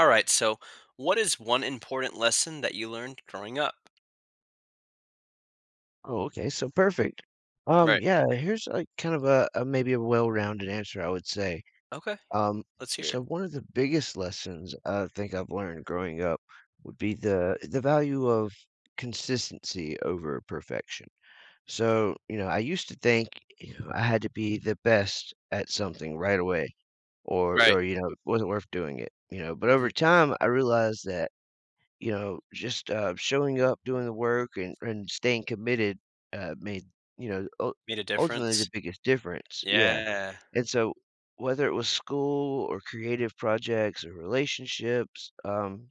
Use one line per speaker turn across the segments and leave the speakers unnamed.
Alright, so what is one important lesson that you learned, growing up?
Oh, okay, so perfect. Um,
Right.
yeah, here's a, kind of a a, maybe a well-rounded answer, I would say.
Okay.
Um,
Let's hear it.
so one of the biggest lessons I think I've learned growing up, would be the, the value of consistency over perfection. So, you know, I used to think, you know, I had to be the best at something right away, or
Right.
or, you know, it wasn't worth doing it, you know? But over
Mhm.
time, I realized that, you know, just, um, showing up, doing the work, and and staying committed, uh, made, you know, ul
Made a
ultimately, the
difference.
biggest difference. Yeah,
Yeah.
and so, whether it was school or creative projects, or relationships, um,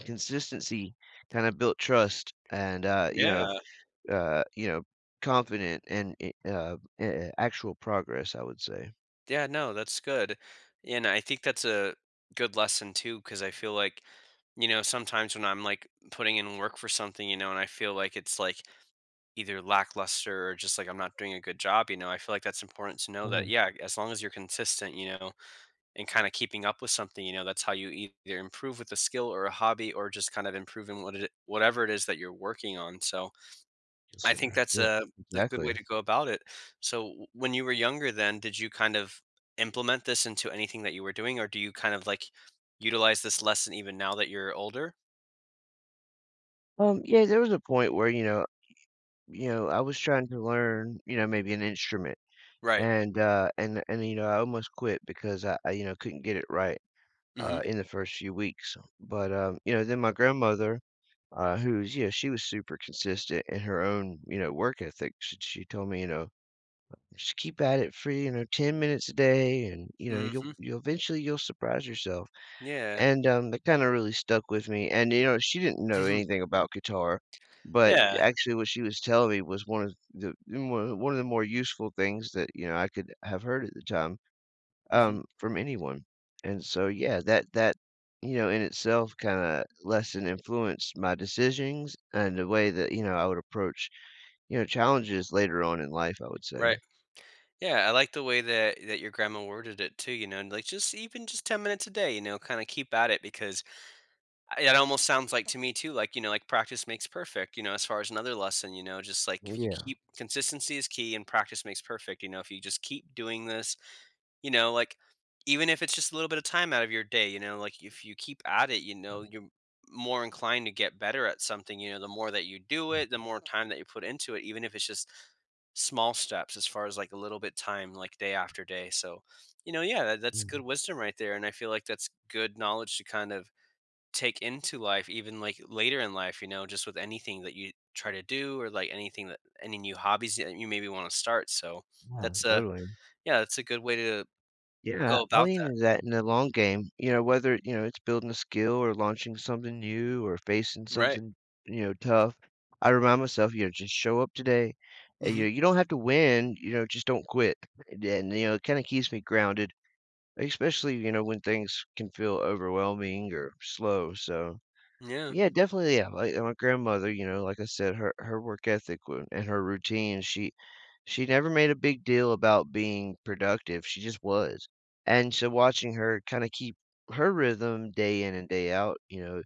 consistency kinda built trust and, uh, you know,
Yeah.
uh, you know, confident in, i uh, a actual progress, I would say.
Yeah, no, that's good. And, I think that's a, good lesson too 'cause I feel like, you know, sometimes when I'm, like, putting in work for something, you know, and I feel like it's, like, either lackluster or just, like, I'm not doing a good job, you know, I feel like that's important to know that,
Mhm.
yeah, as long as you're consistent, you know, and kinda keeping up with something, you know, that's how you either improve with a skill or a hobby or just kind of improving what it whatever it is that you're working on, so.
Yes,
I think
sir.
that's
Yep.
a a good way
Exactly.
to go about it. So, when you were younger then, did you kind of, implement this into anything that you were doing, or do you kind of, like, utilize this lesson even now that you're older?
Um, yeah, there was a point where, y you know, you know, I was trying to learn, you know, maybe an instrument
Right.
and, uh, and and, you know, I almost quit because I I, you know, couldn't get it right, uh,
Mhm.
in the first few weeks. But, uh, you know, then my grandmother, uh, who's yeah, she was super consistent in her own, you know, work ethic, sh she told me, you know, "Just keep at it free," you know, "10 minutes a day," and, you know, "you'll
Mhm.
you'll eventually, you'll surprise yourself."
Yeah.
And, um, that
M
kinda really stuck with me and, you know, she didn't know
Mhm.
anything about guitar, but,
Yeah.
actually, what she was telling me was one the one one of the more useful things that, you know, I could have heard at the time,
Mhm.
um, from anyone. And so, yeah, that that, you know, in itself kinda less than influenced my decisions, and the way that, you know, I would approach, you know, challenges later on in life, I would say.
Right. Yeah, I like the way that that your grandma worded it too, you know, and, like, just even just 10 minutes a day, you know, kinda keep at it because, I it almost sounds like to me too, like, you know, like, "practice makes perfect," you know, as far as another lesson, you know, just like
Oh,
if you
yeah.
keep consistency is key and practice makes perfect, you know, if you just keep doing this, you know, like, even if it's just a little bit of time out of your day, you know, like, if you keep at it, you
Yep.
know, you're more inclined to get better at something, you know, the more that you do
Mm.
it, the more time that you put into it, even if it's just, small steps, as far as, like, a little bit time, like, day after day, so, you know, yeah, that that's good
Mm.
wisdom right there, and I feel like that's good knowledge to kind of, take into life even, like, later in life, you know, just with anything that you try to do or, like, anything that any new hobbies that you maybe wanna start, so,
Yeah,
that's a,
totally.
yeah, that's a good way to
Yeah,
go
I
about
lean
that.
into that in the long game, you know, whether, you know, it's building a skill, or launching something new, or facing
Right.
something, you know, tough, I remind myself, you know, "Just show up today," and, you
Mhm.
know, you don't have to win, you know, just don't quit, and then, you know, it kinda keeps me grounded, especially, you know, when things can feel overwhelming, or, slow, so.
Yeah.
Yeah definitely, yeah, like, my grandmother, you know, like I said, her her work ethic w and her routine, she she never made a big deal about being productive, she just was. And, so watching her kinda keep her rhythm, day in and day out, you know,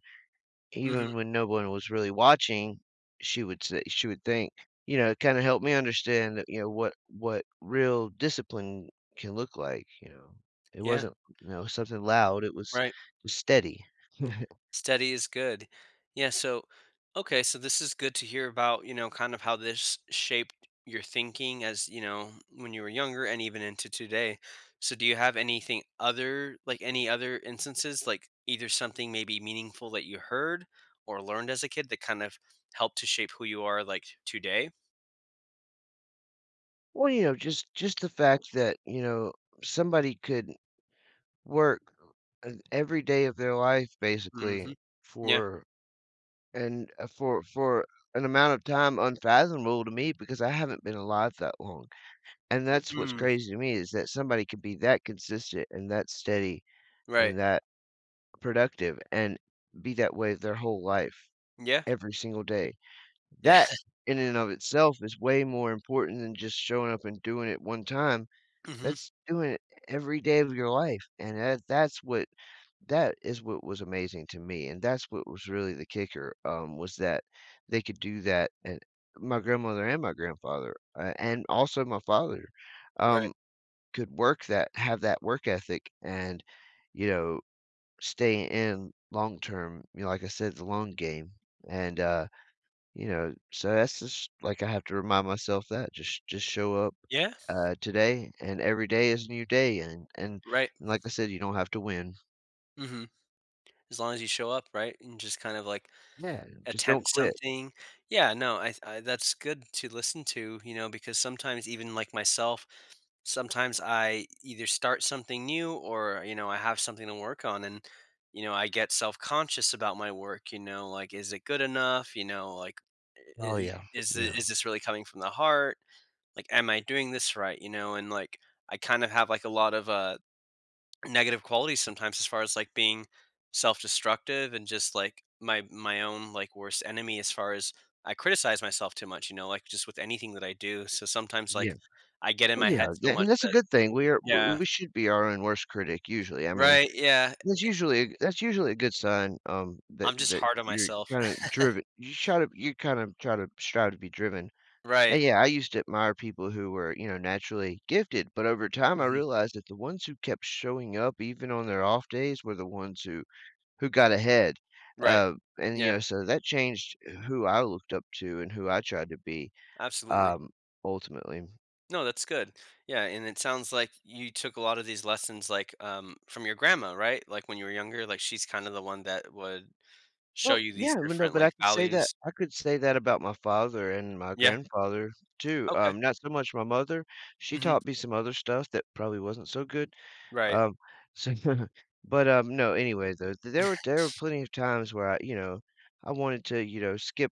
Mhm.
even when no one was really watching, she would say she would think, you know, it kinda helped me understand that, you know, what what real discipline can look like, you know? It
Yeah.
wasn't, you know, something loud, it was,
Right.
steady.
Steady is good. Yeah, so okay, so this is good to hear about, you know, kind of how this shaped your thinking as, you know, when you were younger and even into today. So, do you have anything other like, any other instances, like, either something maybe meaningful that you heard, or learned as a kid that kind of, helped to shape who you are, like, today?
Well, you know, just just the fact that, you know, somebody could work every day of their life, basically,
Mhm. Yeah.
for and, uh, for for an amount of time unfathomable to me because I haven't been alive that long, and that's what's
Mm.
crazy to me is that somebody could be that consistent and that steady
Right.
and that productive and be that way their whole life,
Yeah.
every single day.
Yeah.
That, in and of itself, is way more important than just showing up and doing it one time.
Mhm.
That's doing it every day of your life, and that that's what that is what was amazing to me, and that's what was really the kicker, um, was that they could do that, and my grandmother and my grandfather, and also my father,
Right.
um, could work that have that work ethic and, you know, stay in long term. You know, like I said, it's a long game, and, uh, you know, so that's just, like I have to remind myself that just just show up,
Yeah.
uh, today, and every day is a new day, and and
Right.
and like I said, you don't have to win.
Mhm. As long as you show up, right, and just kind of, like,
Yeah. Just don't
attempt
quit.
something. Yeah. No. I th I that's good to listen to, you know, because sometimes even like myself, sometimes I either start something new or, you know, I have something to work on and, you know, I get self-conscious about my work, you know, like, "Is it good enough," you know, like, "I
Oh,
i
yeah.
is this
Yeah.
is this really coming from the heart," like, "Am I doing this right," you know, and, like, I kind of have, like, uh, lot of negative qualities sometimes as far as, like, being self-destructive and just, like, my my own, like, worst enemy, as far as I criticize myself too much, you know, like, just with anything that I do, so sometimes,
Yeah.
like, I get in
Well,
my
yeah.
head so
Th
much
and that's a
that
good thing. We are w
yeah.
we should be our own worst critic usually. I mean,
Right. Yeah,
that's
I I
usually that's usually a good sign, um, that
I'm just
that
hard on
you're
myself.
kinda drive you're try to you're kinda trying to trying to be driven, and,
Right.
yeah, I used to admire people who were, you know, naturally gifted, but over time, I
Mhm.
realized that the ones who kept showing up, even on their off days, were the ones who who got ahead,
Right.
uh, and, you
Yeah.
know so that changed who I looked up to and who I tried to be,
Absolutely.
um, ultimately.
No, that's good. Yeah, and it sounds like you took a lot of these lessons, like, um, from your grandma, right, like, when you were younger, like, she's kinda the one that would show
Well,
you
yeah,
these
you know,
different,
but I
like,
could say that
values.
I could say that about my father and my
Yeah.
grandfather too, uh,
Okay.
not so much my mother. She
Mhm.
taught me some other stuff that probably wasn't so good.
Right.
Um, so but, um, no, anyway, though, there there were there were plenty of times where I, you know, I wanted to, you know, skip,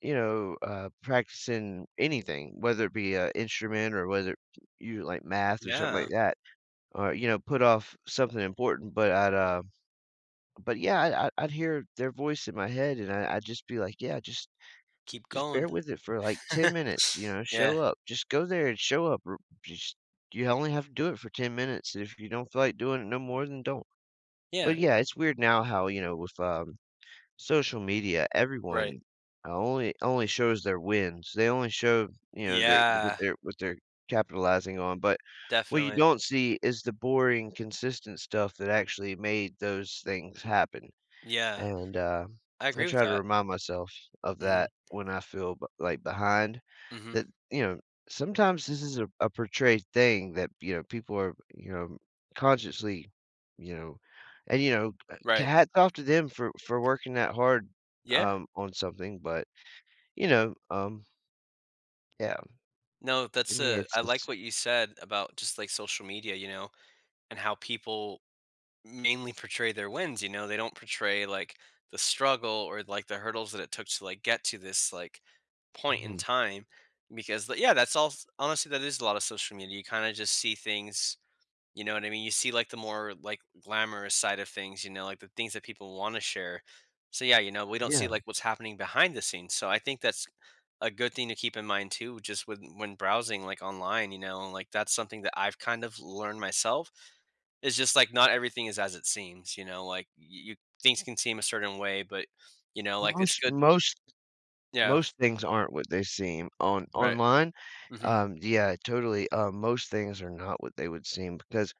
you know, uh, practicing anything, whether it be a instrument or whether you like math or something like
Yeah.
that or, you know, put off something important, but I'd, uh but, yeah, I'd I'd I'd hear their voice in my head, and I I'd just be like, "Yeah. Just
Keep
just bear
going.
with it for, like, 10 minutes, you know?
Yeah.
Show up. Just go there and show up. R just you only have to do it for 10 minutes. If you don't feel like doing it no more, then don't,"
Yeah.
but, yeah, it's weird now how, you know, with, um, social media,
Right.
everyone only only shows their wins. They only show, you know, their what
Yeah.
they're what they're capitalizing on, but what you
Definitely.
don't see is the boring, consistent stuff that actually made those things happen,
Yeah.
and, uh,
I
I
agree with
try to
that.
remind myself of
Mhm.
that when I feel, b like, behind
Mhm.
that, you know, sometimes this is a a portrayed thing that, you know, people are, you know, consciously, you know and you know, uh,
Right.
hats off to them for for working that hard,
Yeah.
um, on something, but, you know, um Yeah.
No.
For
That's,
me,
uh
it's
I like
it's
what you said about just, like, social media, you know, and how people mainly portray their wins, you know? They don't portray, like, the struggle or, like, the hurdles that it took to, like, get to this, like, point in
Mhm.
time because l yeah, that's all s honestly, that is a lotta social media. You kinda just see things, you know what I mean? You see, like, the more, like, glamorous side of things, you know, like, the things that people wanna share, so, yeah, you know, we don't see,
Yeah.
like, what's happening behind the scenes, so, I think that's a good thing to keep in mind too just when when browsing, like, online. You know, like, that's something that I've kind of learned myself. It's just, like, not everything is as it seems, you know, like, y you things can seem a certain way, but, you know, like, it's
Most
good
most
Yeah.
most things aren't what they seem on
Right.
online.
Mhm.
Um, yeah, totally. Uh, most things are not what they would seem because,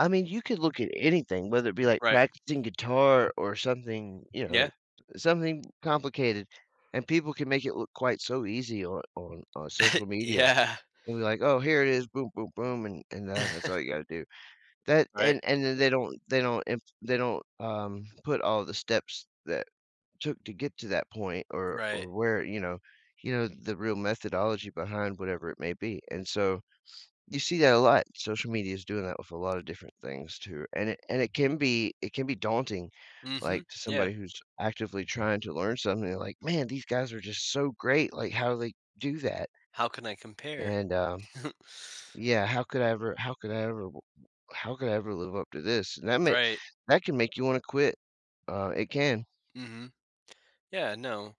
I mean, you could look at anything, whether it be, like,
Right.
practicing guitar or something, you know,
Yeah.
something complicated, and people can make it look quite so easy on on on social media,
Yeah.
and be like, "Oh, here it is. Boom, boom, boom, and and that that's all you gotta do." That
Right.
and and then they don't they don't imp they don't, um, put all the steps that took to get to that point or
Right.
or where, you know you know, the real methodology behind whatever it may be, and so, you see that a lot. Social media is doing that with a lot of different things, too, and it and it can be it can be daunting,
Mhm.
like, to
Yeah.
somebody who's actively trying to learn something, like, "Man, these guys are just so great, like, how do they do that?"
How can I compare?
And, um, yeah, how could I ever how could I ever w how could I ever live up to this? That ma
Right.
that can make you wanna quit. Uh, it can.
Mhm. Yeah. No.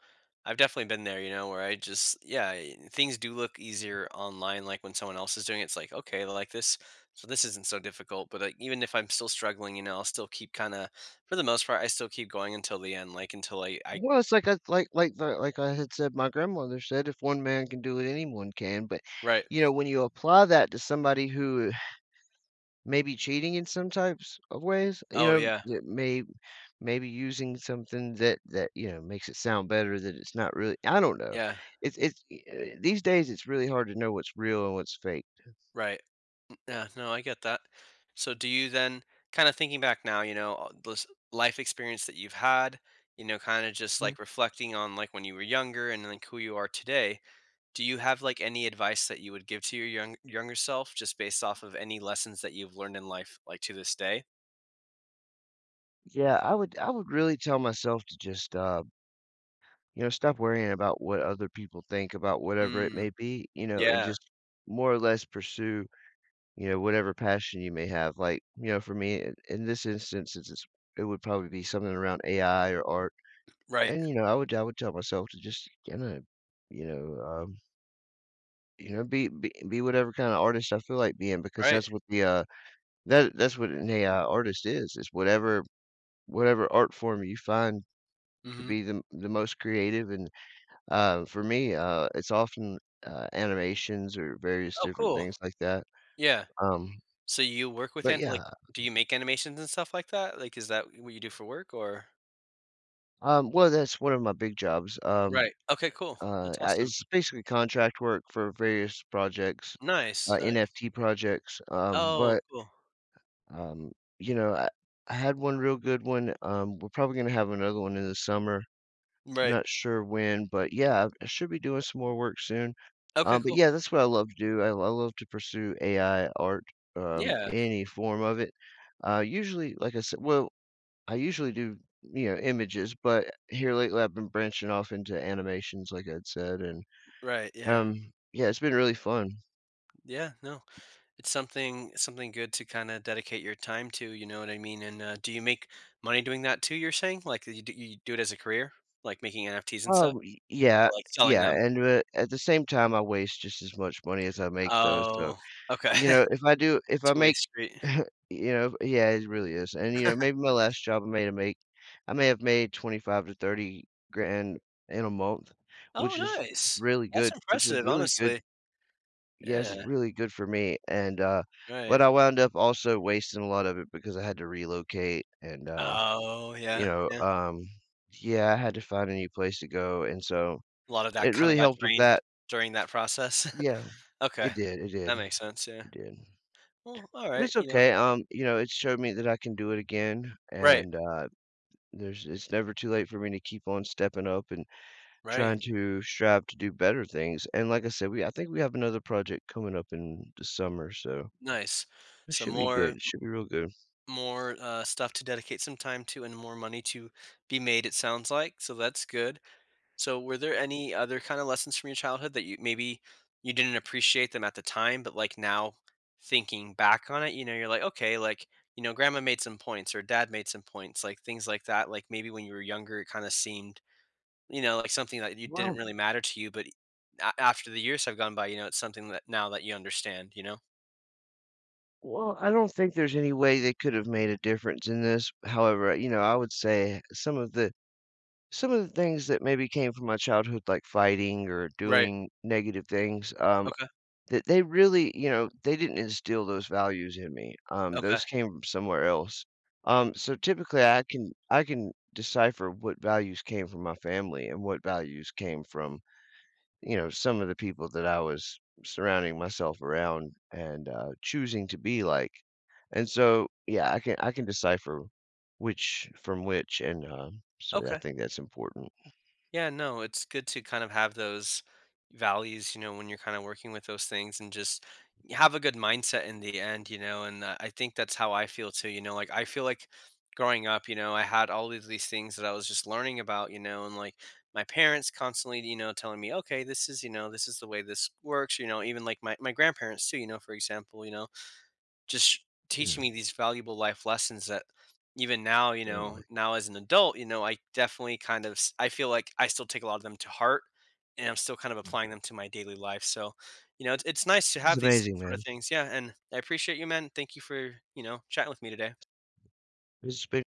I've definitely been there, you know, where I just yeah, I I things do look easier online, like, when someone else is doing it. It's like, "Okay, like, this well, this isn't so difficult," but I even if I'm still struggling, you know, I'll still keep kinda for the most part, I still keep going until the end, like, until I I
Well, it's like a like like the like I had said, my grandmother said, "If one man can do it, anyone can," but,
Right.
you know, when you apply that to somebody who may be cheating in some types of ways, you
Oh,
know,
yeah.
d may maybe using something that that, you know, makes it sound better that it's not really I don't know.
Yeah.
It's it's eh, uh, these days, it's really hard to know what's real and what's faked.
Right. M uh, no. I get that. So do you, then kinda thinking back now, you know, uh those life experience that you've had, you know, kinda just,
Hmm.
like, reflecting on, like, when you were younger and then, like, who you are today, do you have, like, any advice that you would give to your young younger self, just based off of any lessons that you've learned in life, like, to this day?
Yeah. I would I would really tell myself to just, uh you know, stop worrying about what other people think about whatever it
Mm.
may be, you know, and
Yeah.
just more or less pursue, you know, whatever passion you may have, like, you know, for me, i in this instance, it's just it would probably be something around AI or art,
Right.
and, you know, I would I would tell myself to just kinda, you know, um you know, be be be whatever kinda artist I feel like being because
Right.
that's what the, uh that that's what an AI artist is. It's whatever whatever art form you find to
Mhm.
be the the most creative, and, uh, for me, uh, it's often, uh, animations or various
Oh,
different
cool.
things like that,
Yeah.
um
So you work
But
within like,
yeah,
do
um
you make animations and stuff like that, like, is that what you do for work or
Um, well, that's one of my big jobs, um,
Right. Okay. Cool.
uh,
That's awesome.
it's basically contract work for various projects, uh,
Nice. Nice.
NFT projects, um,
Oh,
but
cool.
um, you know, I I had one real good one, um, we're probably gonna have another one in the summer. I'm
Right.
not sure when, but, yeah, I should be doing some more work soon.
Okay.
Um, but,
Cool.
yeah, that's what I love to do. I I love to pursue AI art, um,
Yeah.
any form of it. Uh, usually, like I sai well, I usually do, you know, images, but here lately, I've been branching off into animations, like I'd said, and,
Right. Yeah.
um, yeah, it's been really fun.
Yeah. No. It's something something good to, kinda, dedicate your time to, you know what I mean, and, uh, do you make money doing that too, you're saying, like, uh, you do you do it as a career, like making NFTs and stuff,
Oh, y yeah.
or, like, selling
Yeah,
them?
and, wh at the same time, I waste just as much money as I make, though, so,
Oh, okay.
you know, if I do if I
two way
make
street.
you know yeah, it's really is, and, you know, maybe my last job, I may have made I may have made 25,000 to 30,000 grand in a month,
Oh,
which is
nice.
really
That's
good which is
impressive,
really good
honestly.
Yes. It's
Yeah.
really good for me, and, uh, but
Right.
I wound up, also, wasting a lot of it because I had to relocate and, uh,
Oh,
you
yeah.
know,
Yeah.
um yeah, I had to find a new place to go, and so
A lot of that
it
kinda
really
got
helped with
drained
that.
during that process.
Yeah.
Okay.
It did. It did.
That makes sense. Yeah.
It did,
Well,
but
alright.
it's
You know?
okay. Um, you know, it showed me that I can do it again,
Right.
and, uh, there's it's never too late for me to keep on stepping up, and
Right.
trying to strive to do better things, and like I said, we I think we have another project coming up in the summer, so
Nice,
it
so
should be
more
good.
m
It should be real good.
more, uh, stuff to dedicate some time to and more money to be made, it sounds like, so that's good. So, were there any other kinda lessons from your childhood that you maybe you didn't appreciate them at the time, but, like, now, thinking back on it, you know, you're like, "Okay, like, you know, grandma made some points or dad made some points," like, things like that, like, maybe when you were younger, it kinda seemed, you know, like, something that you didn't
Well
really matter to you, but a after the years have gone by, you know, it's something that now that you understand, you know?
Well, I don't think there's any way they could have made a difference in this. However, you know, I would say some of the some of the things that maybe came from my childhood, like fighting or
Right.
doing negative things, um,
Okay.
that they really you know, they didn't instill those values in me. Um,
Okay.
those came from somewhere else. Um, so typically, I can I can decipher what values came from my family and what values came from, you know, some of the people that I was surrounding myself around and, uh, choosing to be like, and so, yeah, I can I can decipher which from which and, uh, so I
Okay.
think that's important.
Yeah. No. It's good to kinda have those values, you know, when you're kinda working with those things and just have a good mindset in the end, you know, and, uh, I think that's how I feel, too, you know, like, I feel like growing up, you know, I had all of these things that I was just learning about, you know, and, like, my parents constantly, you know, telling me, "Okay. This is, you know, this is the way this works," you know? Even like my my grandparents too, you know? For example, you know, just teaching
Yeah.
me these valuable life lessons that even now, you know,
Totally.
now as an adult, you know, I definitely kind of s I feel like I still take a lot of them to heart, and I'm still kind of applying them to my daily life, so, you know, it's it's nice to
It was
have these
amazing,
sort of
man.
things. Yeah, and I appreciate you, man. Thank you for, you know, chatting with me today.
It's be